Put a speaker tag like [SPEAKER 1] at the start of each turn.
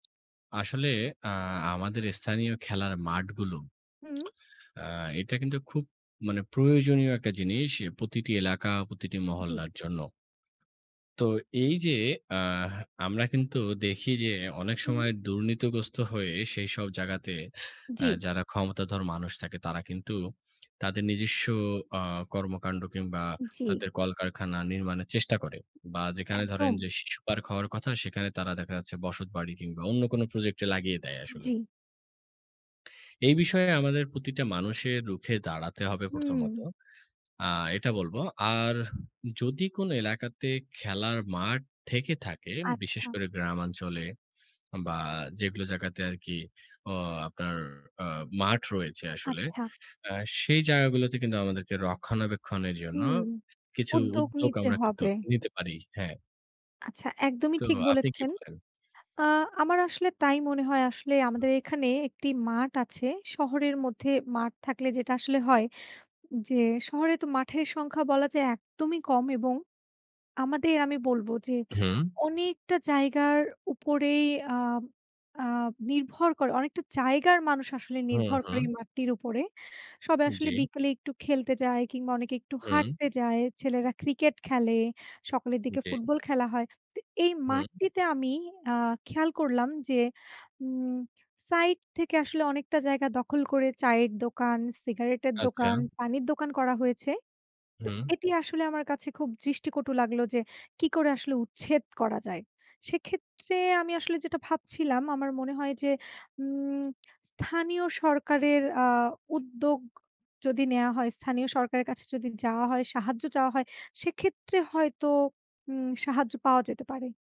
[SPEAKER 1] আসলে অ্যা আমাদের স্থানীয় খেলার মাঠগুলো
[SPEAKER 2] হু।
[SPEAKER 1] আ এটা কিন্তু খুব মানে প্রয়োজনীয় একটা জিনিস প্রতিটি এলাকা, প্রতিটি
[SPEAKER 2] জি।
[SPEAKER 1] মহল্লার জন্য। তো এই যে অ্যাহ আমরা কিন্তু দেখি যে অনেক
[SPEAKER 2] হুম।
[SPEAKER 1] সময় দুর্নীতিগ্রস্ত হয়ে সেইসব জায়গাতে অ্যা
[SPEAKER 2] জি।
[SPEAKER 1] যারা ক্ষমতাধর মানুষ থাকে তারা কিন্তু তাদের নিজস্ব আ কর্মকান্ড কিংবা
[SPEAKER 2] জি।
[SPEAKER 1] তাদের কলকারখানা নির্মাণের চেষ্টা করে। বা যেখানে ধরেন
[SPEAKER 2] একদম।
[SPEAKER 1] যে শিশু পার্ক হওয়ার কথা সেখানে তারা দেখা যাচ্ছে বসতবাড়ি কিংবা অন্য কোনো প্রজেক্টে লাগিয়ে দেয় আসলে
[SPEAKER 2] জি।
[SPEAKER 1] এই বিষয়ে আমাদের প্রতিটা মানুষের রুখে দাঁড়াতে হবে প্রথমত।
[SPEAKER 2] হুম।
[SPEAKER 1] আ এটা বলব। আর যদি কোনো এলাকাতে খেলার মাঠ থেকে থাকে,
[SPEAKER 2] আচ্ছা।
[SPEAKER 1] বিশেষ করে গ্রামাঞ্চলে, বা যেগুলো জায়গাতে আরকি অ আপনার আ মাঠ রয়েছে আসলে।
[SPEAKER 2] আচ্ছা।
[SPEAKER 1] অ্যা সেই জায়গাগুলোতে কিন্তু আমাদেরকে রক্ষণাবেক্ষণের জন্য
[SPEAKER 2] হুম।
[SPEAKER 1] কিছু
[SPEAKER 2] উদ্যোগ
[SPEAKER 1] উদ্যোগ
[SPEAKER 2] নিতে
[SPEAKER 1] আমরা কিন্তু
[SPEAKER 2] হবে।
[SPEAKER 1] নিতে পারি। হ্যাঁ।
[SPEAKER 2] আচ্ছা একদমই
[SPEAKER 1] তো
[SPEAKER 2] ঠিক
[SPEAKER 1] আপনি কি
[SPEAKER 2] বলেছেন।
[SPEAKER 1] বলেন?
[SPEAKER 2] আ আমার আসলে তাই মনে হয় আসলেই আমাদের এখানে একটি মাঠ আছে। শহরের মধ্যে মাঠ থাকলে যেটা আসলে হয়, যে শহরে তো মাঠের সংখ্যা বলা যায় একদমই কম। এবং আমাদের আমি বলবো যে
[SPEAKER 1] হু।
[SPEAKER 2] অনেকটা জায়গার উপরেই আ আ নির্ভর করে অনেকটা জায়গার মানুষ আসলে
[SPEAKER 1] হু,
[SPEAKER 2] নির্ভর করে এই
[SPEAKER 1] হু।
[SPEAKER 2] মাঠটির উপরে। সবাই আসলে
[SPEAKER 1] জ্বী।
[SPEAKER 2] বিকেলে একটু খেলতে যায়, কিংবা অনেকে একটু
[SPEAKER 1] হুম।
[SPEAKER 2] হাঁটতে যায়, ছেলেরা ক্রিকেট খেলে, সকালের দিকে
[SPEAKER 1] জি।
[SPEAKER 2] ফুটবল খেলা হয়। তো এই
[SPEAKER 1] হুম।
[SPEAKER 2] মাঠটিতে আমি আ খেয়াল করলাম যে উম সাইড থেকে আসলে অনেকটা জায়গা দখল করে চায়ের দোকান, সিগারেটের
[SPEAKER 1] আচ্ছা।
[SPEAKER 2] দোকান, পানির দোকান করা হয়েছে। তো
[SPEAKER 1] হুম।
[SPEAKER 2] এটি আসলে আমার কাছে খুব দৃষ্টিকটু লাগলো যে কী করে আসলে উচ্ছেদ করা যায়? সেক্ষেত্রে আমি আসলে যেটা ভাবছিলাম আমার মনে হয় যে উম স্থানীয় সরকারের আ উদ্যোগ যদি নেওয়া হয় স্থানীয় সরকারের কাছে যদি যাওয়া হয়, সাহায্য চাওয়া হয় সেক্ষেত্রে হয়তো উম সাহায্য পাওয়া যেতে পারে।